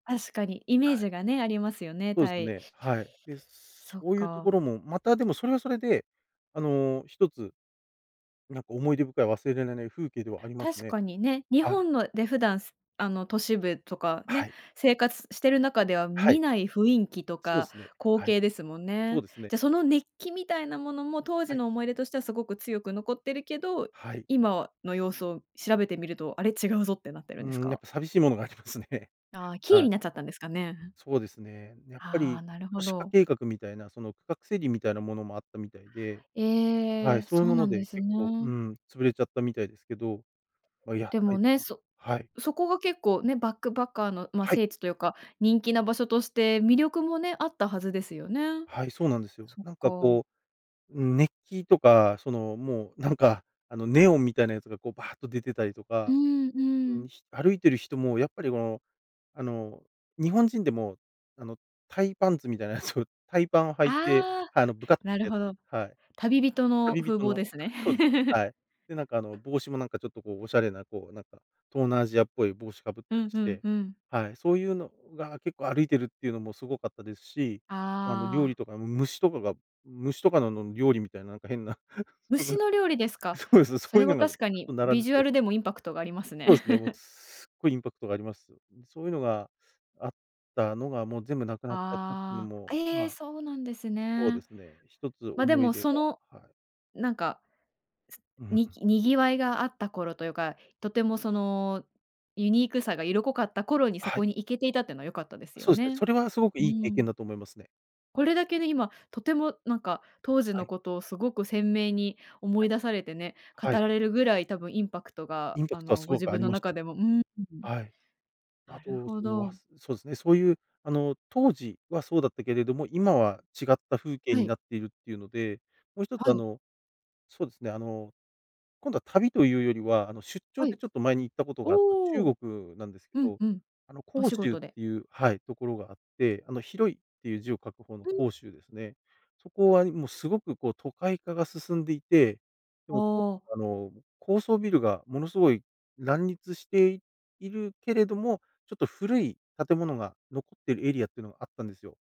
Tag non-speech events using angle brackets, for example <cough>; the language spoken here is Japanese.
確かにイメーはい。ジがね、ありますよね、そうでタすイ。ね。はい。で、そっそういうとこか。ろも、またでも、それはそれで、あの、1つなんか思い出深い、忘れられない風景ではあります確ね。かにね、日はい。本ので普段、あの都市部とかはね、い。生活してる中ではは見い。ない雰囲気とそうでかすね。光はい。景ですもんそうね。ですね。じゃ、その熱気みたいなものも当は時い。の思い出としてはすごく強く残ってるけど、はい。今の様子を調べてみると、あれ、違うぞってなってるうんーですん、やっか？ぱ寂しいものがありますね。ああ、キーはにい。なっちゃったんですかね、うん。そうですね。やっぱはあ、りなるほ都市化ど。計画みたいな、その区画整理みたいなものもあったみたいで。はえい、え。そういうそうものなんでです結構、うーね。ん、潰れちゃったみたいですけど、ま、やっでぱもりね、そはい。そこが結構ね、バックパッカーの、ま、はい。聖地というか、人気な場所として魅力もね、あったはずですよね。はい、そうなんですよ。そっなんかか。こう、うん、熱気とか、そのもう、なんか、あのネオンみたいなやつが、こう、バーっと出てたりとうか、ん、ううん。ん、歩いてる人も、やっぱり、もう、あの、日本人でも、あの、タイパンツみたいなやつを、タイパンを履いて、ああ、あのぶかっなるてやつ、ほど。はい。旅人の旅風人貌の、ですね。そうですね、<laughs> はい。で、なんかあの、帽子もなんかちょっと、こうおしゃれな、こう、なんか、東南アジアっぽい帽子かぶっうたりんうしんて、うん。はい、そういうのが、結構歩いてるっていうのもすごかったですし、あの、あ料あ。理とかも虫とかが虫とかのの料理みたいなんか変な虫 <laughs> の料理ですか。そうです、そそういれうはのがも確かにう並んビでジュたアりルでも、インパクトがあります <unintelligible> そうでね。すね。<laughs> すっごいインパクトがあります。そういうのがあったのが、もう全部なくなっちゃったっていうのああ、も、ええ、まそうなんですそうでね。すね、１つまっ、で思いも、出そがの、はい。なんか、う、ふつん。に賑わいがあった頃というか、とてもその、ユニークさが色濃かった頃にそはい。こに行けていたっていうのは良かったですよそうですね、ね。それはすごくういい経ー験ん。だと思いますね。これだけね、今とても、なんか、当時はのい。ことをすごく鮮明に思はいい。出されてね、語はい。られるぐらい多分、インパクトが、インパあクトはの、すごご自くあ分りのまし中た。でも、うーん。はい。あなると、ほそのあ、ど。そそうですね、そういうあの当時はそうだったけれども、今は違った風景はにい。なっているっていうので、もう1つはあい。の、そうですね、あの、今度は旅というよりは、あの出張はでい。ちょっと前に行ったことがあったおお。中国なんですけうん、ど、うん。あのお仕広州っ事で。ていうはい、ところがあって、あの広いっていう字を書く方のふん。広州ですね。そこはもうすごく、こう、都会化が進んでいて、であも、とあ。あの、高層ビルがものすごい乱立しているけれども、ちょっと古い建物が残っているエリアっていうのがあったんですよ。